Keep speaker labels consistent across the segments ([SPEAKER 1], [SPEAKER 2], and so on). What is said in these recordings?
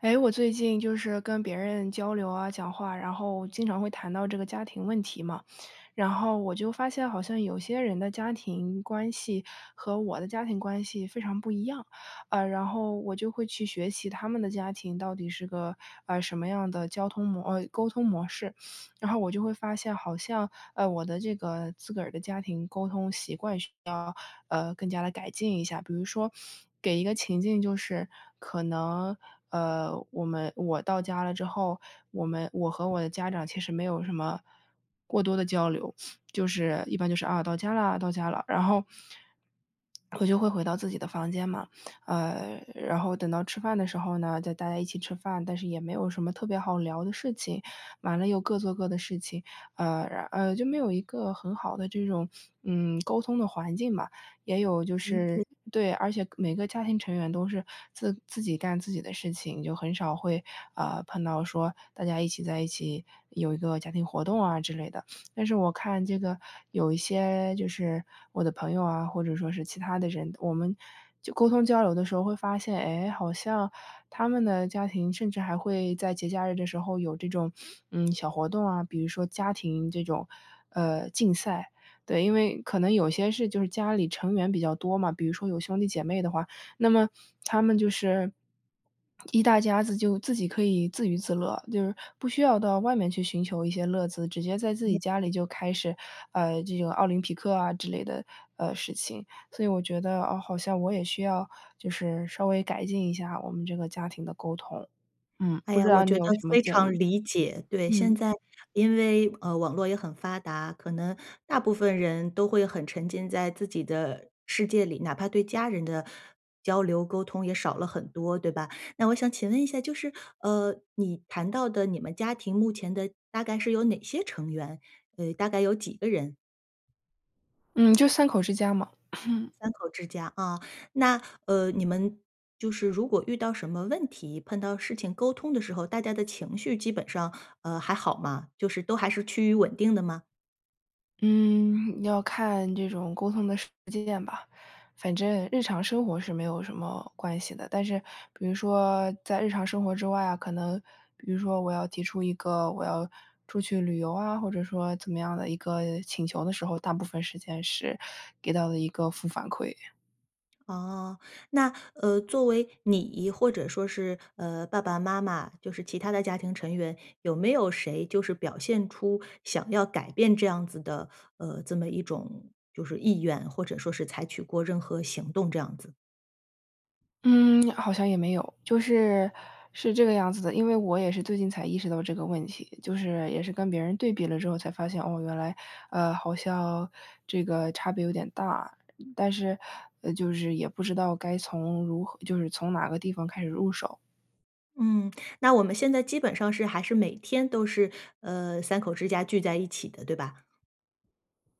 [SPEAKER 1] 哎，我最近就是跟别人交流啊，讲话，然后经常会谈到这个家庭问题嘛。然后我就发现好像有些人的家庭关系和我的家庭关系非常不一样。呃，然后我就会去学习他们的家庭到底是个，呃，什么样的交通模呃，沟通模式，然后我就会发现，好像，呃，我的这个自个儿的家庭沟通习惯需要，呃，更加地改进一下。比如说给一个情境就是可能，呃，我们我到家了之后，我们我和我的家长其实没有什么过多的交流，就是一般就是，啊，到家了，到家了，然后我就会回到自己的房间嘛，呃，然后等到吃饭的时候呢，再大家一起吃饭，但是也没有什么特别好聊的事情，完了又各做各的事情，呃，呃，就没有一个很好的这种，嗯，沟通的环境吧。也有就
[SPEAKER 2] 理解。
[SPEAKER 1] 是对，而且每个家庭成员都是自自己干自己的事情，就很少会，啊，碰到说大家一起在一起有一个家庭活动啊之类的。但是我看这个有一些就是我的朋友啊，或者说是其他的人，我们就沟通交流的时候会发现，诶，好像他们的家庭甚至还会在节假日的时候有这种，嗯，小活动啊，比如说家庭这种呃，竞赛，对，因为可能有些事就是家里成员比较多嘛，比如说有兄弟姐妹的话，那么他们就是 一大家子就自己可以自娱自乐，就是不需要到外面去寻求一些乐子，直接在自
[SPEAKER 2] 嗯。
[SPEAKER 1] 己家里就开始，呃，这个奥林匹克啊之类的呃，事情，所以我觉得，哦，好像我也需要就是稍微改进一下我们这个家庭的沟通。嗯，
[SPEAKER 2] 哎
[SPEAKER 1] 不知
[SPEAKER 2] 呀，我
[SPEAKER 1] 道你
[SPEAKER 2] 觉
[SPEAKER 1] 有
[SPEAKER 2] 得
[SPEAKER 1] 什么
[SPEAKER 2] 非
[SPEAKER 1] 建
[SPEAKER 2] 常
[SPEAKER 1] 议？
[SPEAKER 2] 理解，对，现
[SPEAKER 1] 嗯。
[SPEAKER 2] 在因为，呃，网络也很发达，可能大部分人都会很沉浸在自己的世界里，哪怕对家人的交流沟通也少了很多，对吧？那我想请问一下就是，呃，你谈到的你们家庭目前的大概是有哪些成员，呃，大概有几个人？
[SPEAKER 1] 嗯，就3口之家嘛。
[SPEAKER 2] 3口之家啊。那，呃，你们就是如果遇到什么问题，碰到事情沟通的时候，大家的情绪基本上，呃，还好吗？就是都还是趋于稳定的吗？
[SPEAKER 1] 嗯，要看这种沟通的实践吧。反正日常生活是没有什么关系的，但是比如说在日常生活之外啊，可能比如说我要提出一个我要出去旅游啊，或者说怎么样的一个请求的时候，大部分时间是给到的一个负反馈。
[SPEAKER 2] 哦，那，呃，作为你或者说是，呃，爸爸妈妈，就是其他的家庭成员，有没有谁就是表现出想要改变这样子的呃，这么一种就是意愿，或者说是采取过任何行动这样子？
[SPEAKER 1] 嗯，好像也没有。就是是这个样子的，因为我也是最近才意识到这个问题，就是也是跟别人对比了之后才发现，哦，原来呃，好像这个差别有点大。但是，呃，就是也不知道该从如何就是从哪个地方开始入手。
[SPEAKER 2] 嗯，那我们现在基本上是还是每天都是，呃，3口之家聚在一起的，对吧？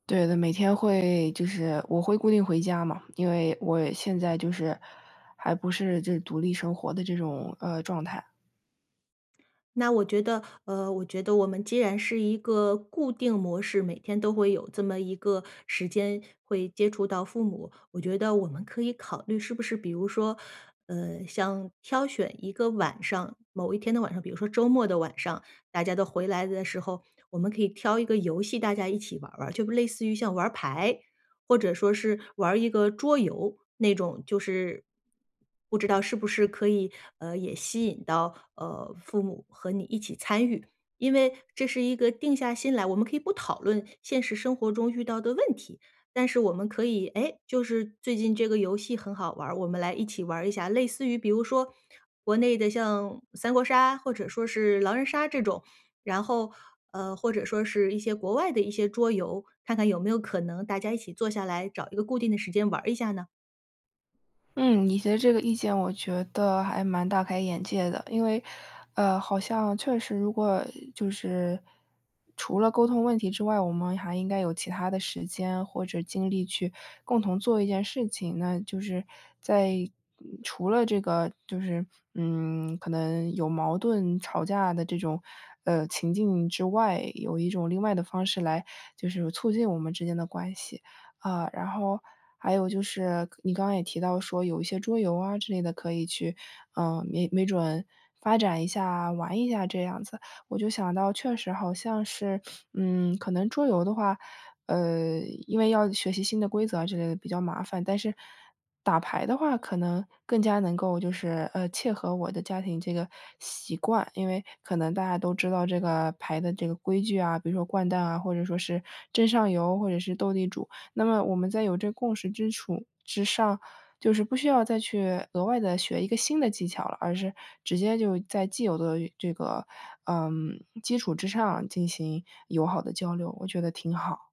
[SPEAKER 1] 对的，每天会就是我会固定回家嘛，因为我现在就是，还不是就是独立生活的这种，呃，状态。
[SPEAKER 2] 那我觉得呃，我觉得我们既然是一个固定模式，每天都会有这么一个时间会接触到父母，我觉得我们可以考虑是不是比如说，呃，像挑选一个晚上，某一天的晚上，比如说周末的晚上，大家都回来的时候，我们可以挑一个游戏大家一起玩儿玩儿，就类似于像玩儿牌。或者说是玩儿一个桌游，那种就是不知道是不是可以，呃，也吸引到，呃，父母和你一起参与。因为这是一个定下心来，我们可以不讨论现实生活中遇到的问题，但是我们可以，哎，就是最近这个游戏很好玩儿，我们来一起玩儿一下。类似于比如说，国内的像三国杀，或者说是狼人杀这种，然后呃，或者说是一些国外的一些桌游，看看有没有可能大家一起坐下来，找一个固定的时间玩儿一下呢？
[SPEAKER 1] 嗯，你提的这个意见我觉得还蛮大开眼界的。因为呃，好像确实如果就是除了沟通问题之外，我们还应该有其他的时间或者精力去共同做一件事情，那就是在除了这个就是，嗯，可能有矛盾吵架的这种，呃，情境之外，有一种另外的方式来就是促进我们之间的关系，啊，然后还有就是你刚刚也提到说有一些桌游啊之类的，可以去呃，没没准发展一下玩一下这样子。我就想到确实好像是嗯，可能桌游的话，呃，因为要学习新的规则之类的比较麻烦，但是打牌的话，可能更加能够就是，呃，切合我的家庭这个习惯。因为可能大家都知道这个牌的这个规矩啊，比如说掼蛋啊，或者说是争上游或者是斗地主。那么我们在有这个共识基础之上，就是不需要再去额外地学一个新的技巧了，而是直接就在既有的这个，呃，基础之上进行友好的交流，我觉得挺好。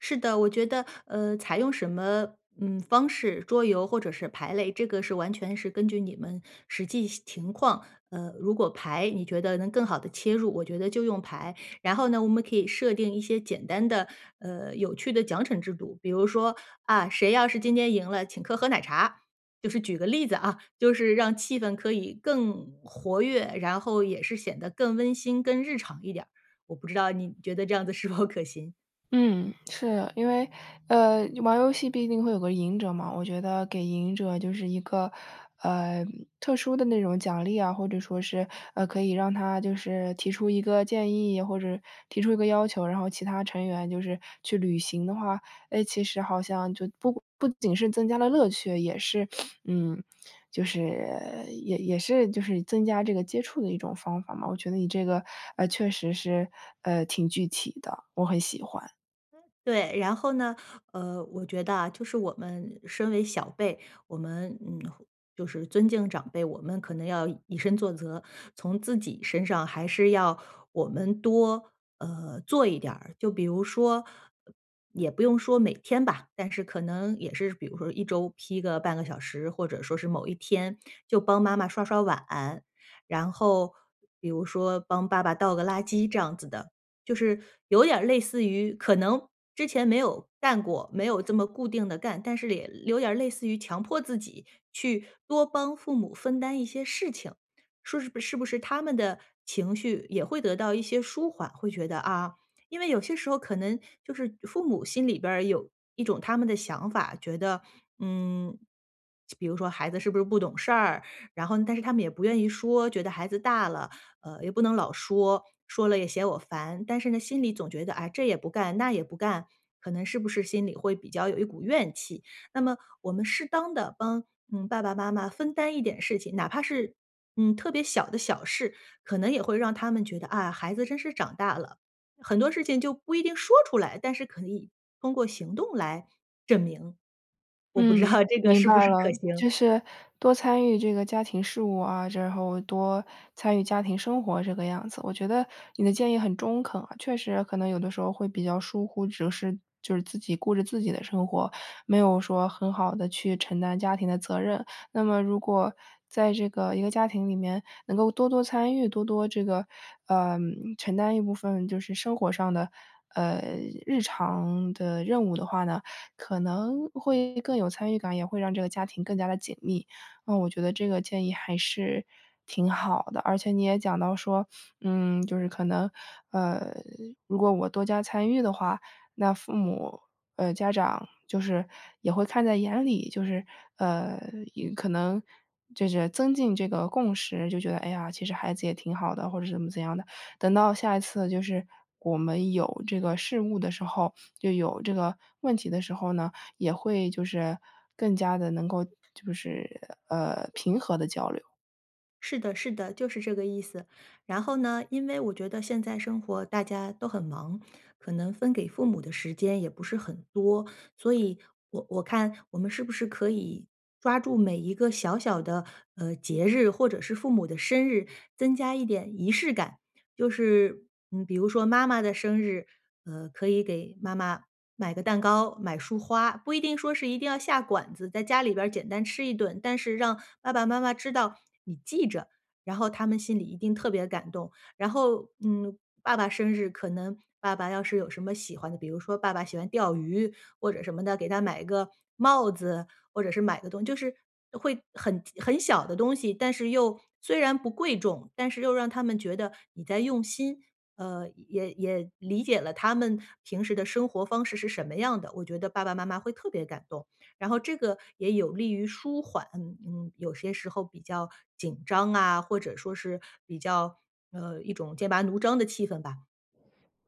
[SPEAKER 2] 是的，我觉得呃，采用什么，嗯，方式，桌游或者是牌类，这个是完全是根据你们实际情况，呃，如果牌你觉得能更好地切入，我觉得就用牌。然后呢，我们可以设定一些简单的，呃，有趣的奖惩制度，比如说，啊，谁要是今天赢了，请客喝奶茶。就是举个例子啊，就是让气氛可以更活跃，然后也是显得更温馨更日常一点儿。我不知道你觉得这样子是否可行？
[SPEAKER 1] 嗯，是。因为，呃，玩游戏毕竟会有个赢者嘛，我觉得给赢者就是一个，呃，特殊的那种奖励啊，或者说是，呃，可以让他就是提出一个建议，或者提出一个要求，然后其他成员就是去履行的话，诶，其实好像就不不仅是增加了乐趣，也是嗯，就是也也是就是增加这个接触的一种方法嘛。我觉得你这个，呃，确实是，呃，挺具体的，我很喜欢。
[SPEAKER 2] 对，然后呢，呃，我觉得啊，就是我们身为小辈，我们，嗯，就是尊敬长辈，我们可能要以身作则，从自己身上还是要我们多，呃，做一点儿。就比如说，也不用说每天吧，但是可能也是比如说1周批个半个小时，或者说是某一天就帮妈妈刷刷碗，然后比如说帮爸爸倒个垃圾这样子的。就是有点儿类似于可能之前没有干过，没有这么固定地干，但是也有点儿类似于强迫自己去多帮父母分担一些事情，说是不是他们的情绪也会得到一些舒缓，会觉得啊。因为有些时候可能就是父母心里边儿有一种他们的想法，觉得，嗯，比如说孩子是不是不懂事儿，然后但是他们呢也不愿意说，觉得孩子大了，呃，也不能老说，说了也嫌我烦，但是呢，心里总觉得，哎，这也不干，那也不干，可能是不是心里会比较有一股怨气。那么我们适当地帮，嗯，爸爸妈妈分担一点事情，哪怕是，嗯，特别小的小事，可能也会让他们觉得，啊，孩子真是长大了，很多事情就不一定说出来，但是可以通过行动来证明。我不知
[SPEAKER 1] 嗯，
[SPEAKER 2] 道这个
[SPEAKER 1] 明
[SPEAKER 2] 是不
[SPEAKER 1] 白
[SPEAKER 2] 是
[SPEAKER 1] 了，
[SPEAKER 2] 可行？
[SPEAKER 1] 就是多参与这个家庭事务啊，之后多参与家庭生活这个样子。我觉得你的建议很中肯，呃，确实可能有的时候会比较疏忽，只是就是自己顾着自己的生活，没有说很好地去承担家庭的责任。那么如果在这个一个家庭里面能够多多参与，多多这个，呃，承担一部分就是生活上的，呃，日常的任务的话呢，可能会更有参与感，也会让这个家庭更加地紧密。嗯，我觉得这个建议还是挺好的，而且你也讲到说，嗯，就是可能，呃，如果我多加参与的话，那父母呃，家长就是也会看在眼里，就是呃，可能就是增进这个共识就觉得，哎呀，其实孩子也挺好的，或者是怎么怎样的，等到下一次就是我们有这个事务的时候，就有这个问题的时候呢，也会就是更加地能够就是，呃，平和地交流。
[SPEAKER 2] 是的是的，就是这个意思。然后呢，因为我觉得现在生活大家都很忙，可能分给父母的时间也不是很多。所以我我看我们是不是可以抓住每一个小小的，呃，节日或者是父母的生日，增加一点仪式感。就是嗯，比如说妈妈的生日，呃，可以给妈妈买个蛋糕，买束花。不一定说是一定要下馆子，在家里边儿简单吃一顿，但是让爸爸妈妈知道你记着，然后他们心里一定特别感动。然后嗯，爸爸生日可能爸爸要是有什么喜欢的，比如说爸爸喜欢钓鱼或者什么的，给他买一个帽子，或者是买一个东西，就是会很很小的东西，但是又虽然不贵重，但是又让他们觉得你在用心。呃，也也理解了他们平时的生活方式是什么样的，我觉得爸爸妈妈会特别感动。然后这个也有利于舒缓，嗯，有些时候比较紧张啊，或者说是比较呃，一种剑拔弩张的气氛吧。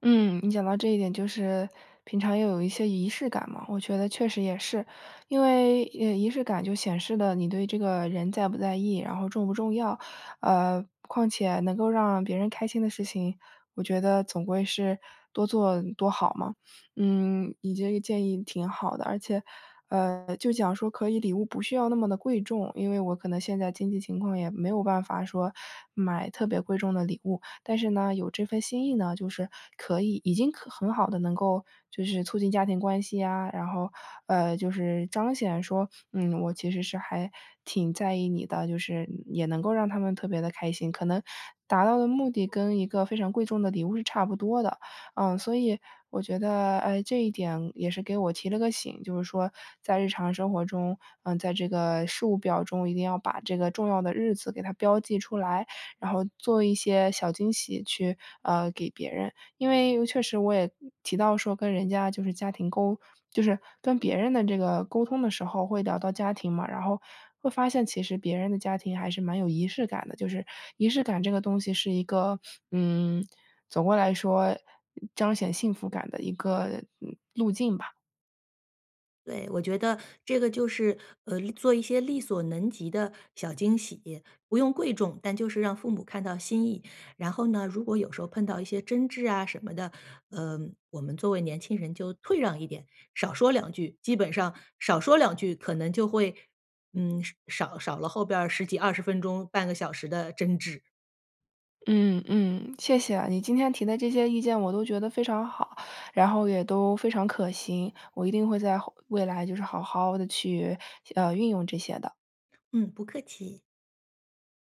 [SPEAKER 1] 嗯，你讲到这一点，就是平常也有一些仪式感嘛，我觉得确实也是。因为，呃，仪式感就显示了你对这个人在不在意，然后重不重要？呃，况且能够让别人开心的事情，我觉得总归是多做多好嘛。嗯，你这个建议挺好的。而且，呃，就讲说可以礼物不需要那么的贵重，因为我可能现在经济情况也没有办法说买特别贵重的礼物，但是呢，有这份心意呢，就是可以已经可很好的能够就是促进家庭关系呀，然后呃，就是彰显说，嗯，我其实是还挺在意你的，就是也能够让他们特别地开心，可能达到的目的跟一个非常贵重的礼物是差不多的。呃，所以我觉得，呃，这一点也是给我提了个醒，就是说在日常生活中，呃，在这个事务表中，一定要把这个重要的日子给它标记出来，然后做一些小惊喜去，呃，给别人，因为确实我也提到说跟人家就是家庭沟就是跟别人的这个沟通的时候会聊到家庭嘛，然后会发现其实别人的家庭还是蛮有仪式感的，就是仪式感这个东西是一个，嗯，总归来说彰显幸福感的一个，嗯，路径吧。
[SPEAKER 2] 对，我觉得这个就是，呃，做一些力所能及的小惊喜，不用贵重，但就是让父母看到心意。然后呢，如果有时候碰到一些争执啊什么的，呃，我们作为年轻人就退让一点，少说两句，基本上少说两句，可能就会，嗯，少少了后边儿10几20分钟半个小时的争执。
[SPEAKER 1] 嗯，嗯，谢谢。你今天提的这些意见我都觉得非常好，然后也都非常可行。我一定会在后未来就是好好地去，呃，运用这些的。
[SPEAKER 2] 嗯，不客气。